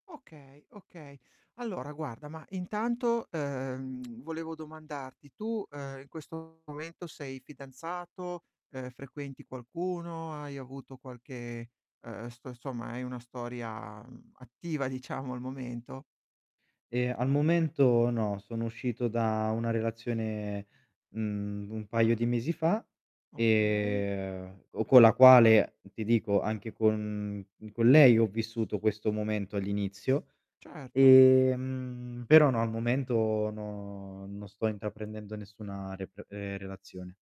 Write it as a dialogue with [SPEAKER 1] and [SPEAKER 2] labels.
[SPEAKER 1] Okay, okay. Allora guarda, ma intanto, uhm, volevo domandarti: tu, uhm, in questo momento sei fidanzato, uhm, frequenti qualcuno, hai avuto qualche, uhm, st somma hai una storia, mhmm, attiva diciamo al momento?
[SPEAKER 2] Eh, al momento no, sono uscito da una relazione, mhmm, un paio di mesi fa,
[SPEAKER 1] Okay.
[SPEAKER 2] ehm, o con la quale ti dico anche con con lei ho vissuto questo momento all'inizio,
[SPEAKER 1] Certo.
[SPEAKER 2] ehm, però no, al momento no non sto intraprendendo nessuna rep ehm, relazione.